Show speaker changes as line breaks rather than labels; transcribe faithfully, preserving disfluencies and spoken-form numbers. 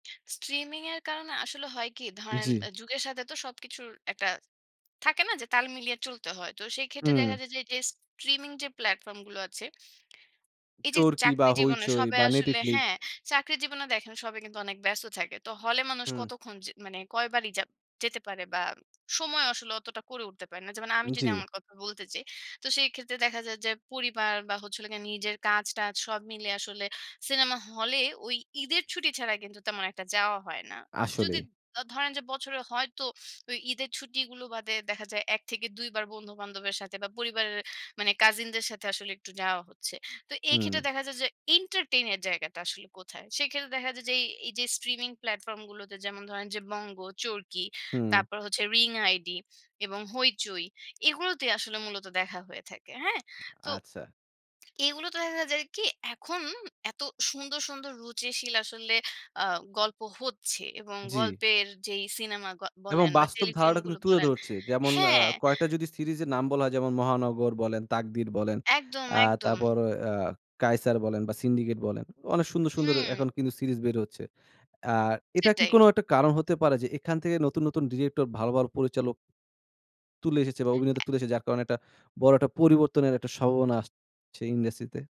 Streaming এর কারণে আসলে হয় কি? ধরেন
জি।
অ্যা যুগের সাথে তো সবকিছুর একটা থাকে না যে, তাল মিলিয়ে চলতে হয়? তো সেই ক্ষেত্রে
হুম।
দেখা যায় যে এইযে স্ট্রিমিং যে প্ল্যাটফর্ম গুলো আছে, এইযে
চরকি বা
চাকরি জীবনে
হৈচৈ
সবাই
বা
আসলে
নেটিফ্লিক।
হ্যাঁ, চাকরি জীবনে দেখেন সবাই কিন্তু অনেক ব্যস্ত থাকে। তো হলে মানুষ
হুম।
কতক্ষণ যে মানে কয়বারই যাব যেতে পারে? বা সমজেও আসলে অতটা করে উঠতে পারে না। যেমন আমি যদি
জি।
আমার কথা বলতে চাই, তো সেই ক্ষেত্রে দেখা যায় যে পরিবার বা হচ্ছে হলো গিয়ে নিজের কাজ-টাজ সব মিলে আসলে সিনেমা হলে ওই ঈদের ছুটি ছাড়া কিন্তু তেমন একটা যাওয়া হয় না। যদি
আসলেই।
দ ধরেন যে বছরে হয়তো ওই ঈদের ছুটিগুলো বাদে দেখা যায় এক থেকে দুইবার বন্ধু-বান্ধবের সাথে বা পরিবারের মানে কাজিনদের সাথে আসলে একটু যাওয়া হচ্ছে। তো এক্ষেত্রে
হুম।
দেখা যায় যে এন্টারটেইন এর জায়গাটা আসলে কোথায়? সেক্ষেত্রে দেখা যায় যে এই, এইযে স্ট্রিমিং প্লাটফর্ম গুলোতে যেমন ধরেন যে বঙ্গ, চরকি,
হুম।
তারপর হচ্ছে রিং আইডি এবং হইচই এগুলোতেই আসলে মূলত দেখা হয়ে থাকে। হ্যাঁ? তো
আচ্ছা।
এগুলো তো দেখা যায় কি? এখন এত সুন্দর, সুন্দর রুচিশীল আসলে আ গল্প হচ্ছে এবং
জি।
গল্পের যেই সিনেমা গ
এবং
বলেন বা
বাস্তব ধারাটা
টেলিফিল্মগুলো
কিন্তু তুলে
বলেন,
ধরছে। যেমন আ
হ্যাঁ।
কয়েকটা যদি সিরিজের নাম বলা হয় যেমন মহানগর বলেন, তাকদির বলেন,
একদম,
আ
একদম।
তারপর অ কায়সার বলেন বা সিন্ডিকেট বলেন। অনেক সুন্দর, সুন্দর
হুম।
এখন কিন্তু সিরিজ বের হচ্ছে। অ্যা এটা কি
সেটাই।
কোনো একটা কারণ হতে পারে? যে এখান থেকে নতুন, নতুন ডিরেক্টর ভালো, ভালো পরিচালক তুলে এসেছে বা অভিনেতা
এ
তুলে এসেছে যার কারণে একটা বড় একটা পরিবর্তনের একটা স্বভাবনা আসছে ইন্ডাস্ট্রিতে?